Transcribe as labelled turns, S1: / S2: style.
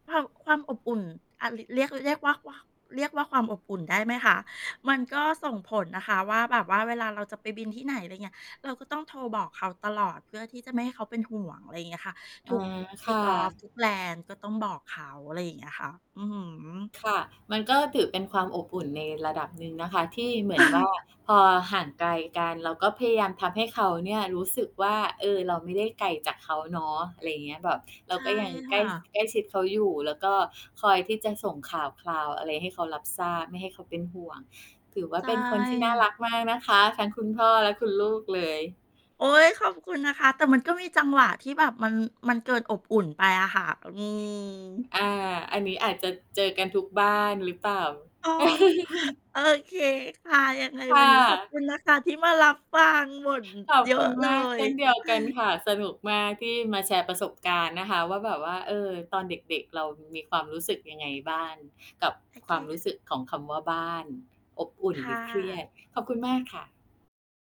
S1: ความ ความอบอุ่น อะ ร เรียก เรียกว่า ว่า เรียกว่าความ อบอุ่นได้ไหมคะ? มันก็ ส่งผลนะคะว่า แบบว่าเวลาเราจะ ไปบินที่ไหน อะไรอย่างเงี้ย เราก็ต้องโทรบอกเขาตลอดเพื่อที่จะไม่ให้เขาเป็นห่วง อะไรอย่างเงี้ยค่ะ
S2: อ
S1: ท
S2: ๋อ
S1: ุก
S2: ค่
S1: Take off
S2: ะ
S1: ทุก Land ก็ต้องบอกเขา อะไรอย่างเงี้ยค่ะ อือฮึ
S2: ค่ะ มันก็ถือเป็นความ อบอุ่นในระดับหนึ่ง นะคะ ที่เหมือน ว่า พอห่างไกลกัน เราก็พยายามทำให้เขาเนี่ยรู้สึกว่า เออ เรา ไม่ได้ ไกลจากเขาเนาะ อะไรอย่างเงี้ย แบบ เรา
S1: ใช่
S2: ก็ยัง
S1: ค
S2: ใกล
S1: ่
S2: ้ ส
S1: ะ
S2: ใกล้ชิดเขาอยู่ แล้วก็ คอยที่จะส่งข่าวคราวอะไรให้เขารับทราบ ไม่ให้เขาเป็นห่วง ถือว่า
S1: ใช
S2: เป็นคนที่น่า
S1: ่
S2: รักมากนะคะ ทั้งคุณพ่อและคุณลูกเลย
S1: โอ๊ย ขอบคุณนะคะ แต่มันก็มีจังหวะที่แบบมัน มันเกินอบอุ่นไปอะค่ะ อือ
S2: อา อันนี้อาจจะเจอกันทุกบ้าน หรือเปล่า?
S1: อ๋อ โอเคค่ะ ยังไง
S2: ค่
S1: วันนี้ขอบ
S2: ะ
S1: คุณนะคะ ที่มารับฟัง บ่น
S2: ขอบ
S1: เยอ
S2: คุ
S1: ะ
S2: ณ
S1: เล
S2: มากเ
S1: ย
S2: ช่นเดียวกันค่ะ สนุกมากที่มาแชร์ประสบการณ์นะคะว่า แบบว่า เอ่อ ตอนเด็ก ๆ เรามีความรู้สึกยังไงบ้างกับ
S1: โอเ
S2: ค
S1: ค
S2: วาม
S1: ค่
S2: รู
S1: ะ
S2: ้สึกของคำว่าบ้าน อบอุ่น
S1: ค
S2: ห
S1: ่
S2: รือเครีย
S1: ะ
S2: ด ขอบคุณมากค่ะ